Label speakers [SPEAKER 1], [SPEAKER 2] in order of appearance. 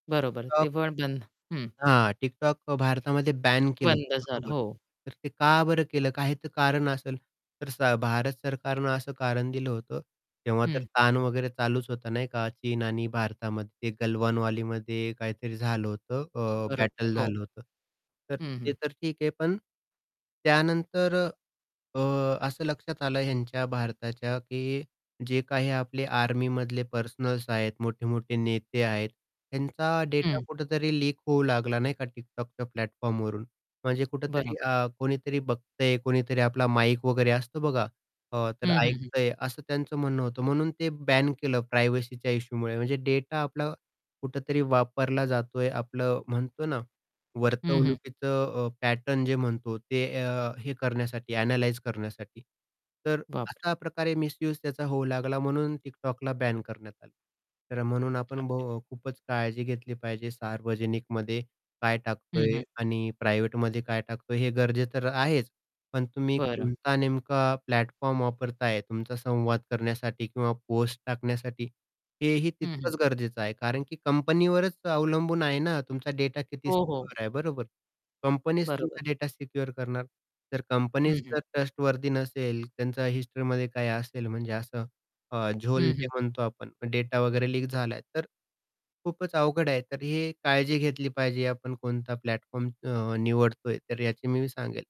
[SPEAKER 1] बरोबर,
[SPEAKER 2] TikTok
[SPEAKER 1] ते [unintelligible] बंद, हं.
[SPEAKER 2] हां, TikTok अ, भारतामध्ये बॅन केलं
[SPEAKER 1] बंद
[SPEAKER 2] होतं,
[SPEAKER 1] झाला,
[SPEAKER 2] बरोबर.
[SPEAKER 1] हो.
[SPEAKER 2] तर ते का बरं केलं? काही तर कारण असेल. तर स भारत सरकारनं असं कारण दिलं होतं. तेव्हा तर
[SPEAKER 1] हं.
[SPEAKER 2] ताण वगैरे चालूच होतं, नाही का. चीन आणि भारतामध्ये ते गलवान वॅलीमध्ये काहीतरी झालं होतं. अ,
[SPEAKER 1] बरोबर,
[SPEAKER 2] बॅटल
[SPEAKER 1] हो.
[SPEAKER 2] झालं होतं. तर
[SPEAKER 1] हं,
[SPEAKER 2] ते
[SPEAKER 1] हं.
[SPEAKER 2] तर ठीक आहे. पण, त्यानंतर अ, असं लक्षात आलं ह्यांच्या भारताच्या, की जे काही आपले आर्मीमधले पर्सनल्स आहेत, मोठे-मोठे नेते आहेत, ह्यांचा डेटा
[SPEAKER 1] हं.
[SPEAKER 2] कुठेतरी लीक होऊ लागला, नाही का TikTokच्या प्लॅटफॉर्मवरून. म्हणजे कुठेतरी
[SPEAKER 1] बरोबर.
[SPEAKER 2] अ, कोणीतरी बघतंय, कोणीतरी आपला माईक वगैरे असतो बघा, अ, तर
[SPEAKER 1] हं, हं, हं.
[SPEAKER 2] ऐकतंय असं त्यांचं म्हणणं होतं. म्हणून ते बॅन केलं, प्रायव्हसीच्या इश्यूमुळे. म्हणजे डेटा आपलं, कुठेतरी वापरला जातोय. आपलं म्हणतो ना,
[SPEAKER 1] हं, हं.
[SPEAKER 2] वर्तवणुकीचं अ, पॅटर्न जे म्हणतो ते अ, हे करण्यासाठी ॲनलाईज करण्यासाठी. तर
[SPEAKER 1] बापरे!
[SPEAKER 2] अशा प्रकारे मिसयूज त्याचा होऊ लागला, म्हणून TikTokला बॅन करण्यात आलं. तर म्हणून आपण
[SPEAKER 1] [unintelligible]
[SPEAKER 2] [unintelligible] खूपच काळजी घेतली पाहिजे. सार्वजनिकमध्ये काय
[SPEAKER 1] हं,
[SPEAKER 2] टाकतोय
[SPEAKER 1] हं.
[SPEAKER 2] आणि प्रायव्हेटमध्ये काय टाकतोय? हे गरजेचं आहेच. पण तुम्ही
[SPEAKER 1] बरं.
[SPEAKER 2] कोणता नेमका प्लॅटफॉर्म वापरताय, तुमचा संवाद करण्यासाठी किंवा पोस्ट टाकण्यासाठी, हेही
[SPEAKER 1] हं, हं.
[SPEAKER 2] तितकंच गरजेचं आहे. कारण की कंपनीवरच अवलंबून आहे ना, तुमचा डेटा किती
[SPEAKER 1] हो, हो.
[SPEAKER 2] सिक्युअर आहे. बरोबर? कंपनीच
[SPEAKER 1] बरोबर.
[SPEAKER 2] तुमचा डेटा सिक्युअर करणार. तर
[SPEAKER 1] हं,
[SPEAKER 2] कंपनीच
[SPEAKER 1] हं.
[SPEAKER 2] जर ट्रस्टवर्थी नसेल, त्यांचा हिस्ट्रीमध्ये काही असेल, म्हणजे असं अ, झोल
[SPEAKER 1] हं,
[SPEAKER 2] जे
[SPEAKER 1] हं.
[SPEAKER 2] म्हणतो आपण, डेटा वगैरे लीक झालाय तर, खूपच अवघड आहे. तर ही काळजी घेतली पाहिजे. आपण कोणता प्लॅटफॉर्म अ, निवडतोय, तर याची मी सांगेल.